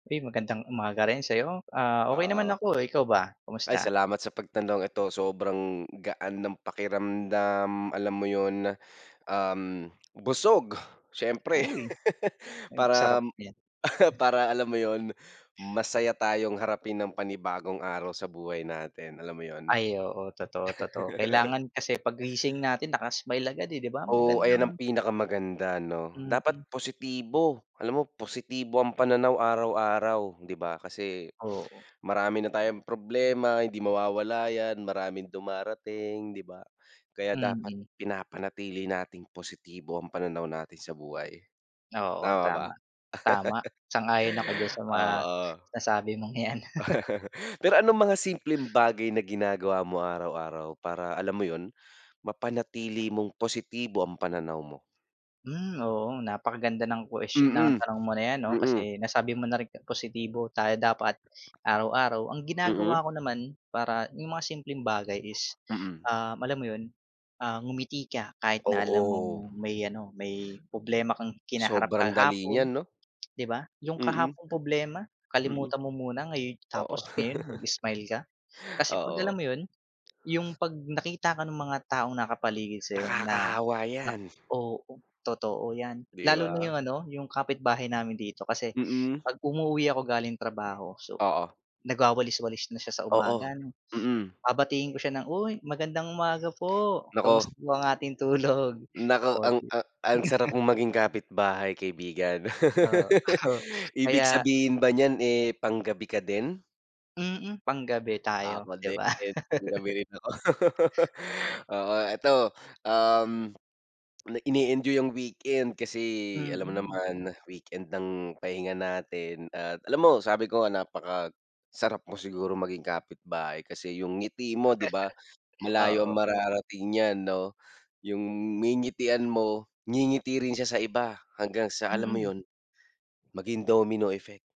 Uy, magandang umaga rin sa 'yo. Ah. okey naman Oo. ako, ikaw ba Ay, kumusta? salamat sa pagtanong. Ito sobrang gaan ng pakiramdam, alam mo iyon. Um, busog syempre, Uy. Ang sarap param nyan. para alam mo yun, masaya tayong harapin ang panibagong araw sa buhay natin. Alam mo yun? Ay, oo, totoo, totoo. Kailangan kasi pag gising natin naka-smile agad eh, 'di ba? Oh, ayan ang Magandang pinakamaganda 'no. Mm. Dapat positibo. Alam mo, positibo ang pananaw araw-araw, hindi ba kasi Oo. marami na tayong problema, hindi mawawala yan, maraming dumarating, 'di ba? Kaya dapat Mm. pinapanatili nating positibo ang pananaw natin sa buhay, Oo, tama ba? tama, tama. Sang-ayon ako don sa mga na Oo. sinasabi mong yan. Pero anong mga simpleng bagay na ginagawa mo araw-araw, para alam mo yun mapanatili mong positibo ang pananaw mo? Hmm, oo, napakaganda ng quest ng Mm, tanong mo na ayan, 'no, mm. kasi nasabi mo na rin na k positibo tayo dapat araw-araw. Ang Mm? ginagawa ko naman para yung mga simpleng bagay is, Mm. ah, alam mo yun, ah ngumiti ka kahit na alam Oo. mong may ano, may problema kang kinaharap Sobrang dali nyan kahapon, 'no? 'di ba? Yung Mm. kahapong problema Mm. kalimutan mo muna ngayon Oo. tapos ngayon, mag-smile ka. Kasi kapag alam Oo. mo iyon, yung kapag nakita ka ng mga taong nakapaligid sa iyo na Nakakahawa na yan. oo, totoo yan. 'Di Lalo na ba? yung ano, yung kapitbahay namin dito kasi Mm. kapag umuuwi ako galing trabaho, so, Oo. nagwawalis-walis na siya sa Oo, umaga, 'no. mm. Babatiin ko siya ng "Uy, magandang umaga po. Kumus Naku. ang ating tulog?". Naku, O ang di a ang sarap mong maging kapitbahay, kaibigan. Oo, Ibig kaya sabihin ba niyan, eh pang-gabi ka din? Mm, panggabi tayo, Ako 'di din, ba. pang-gabi rin ako. Oo, eto, um, ini-enjoy yung weekend kasi alam mo Mm. naman, weekend lang pahinga natin, at alam mo, sabi ko, napakasarap mo siguro maging kapitbahay kasi yung ngiti mo, 'di ba, malayo ang Oo. mararating niyan, 'no. Yung ngingitian mo, ngingiti rin siya sa iba, hanggang sa, alam mo, Mm. yun, maging domino effect.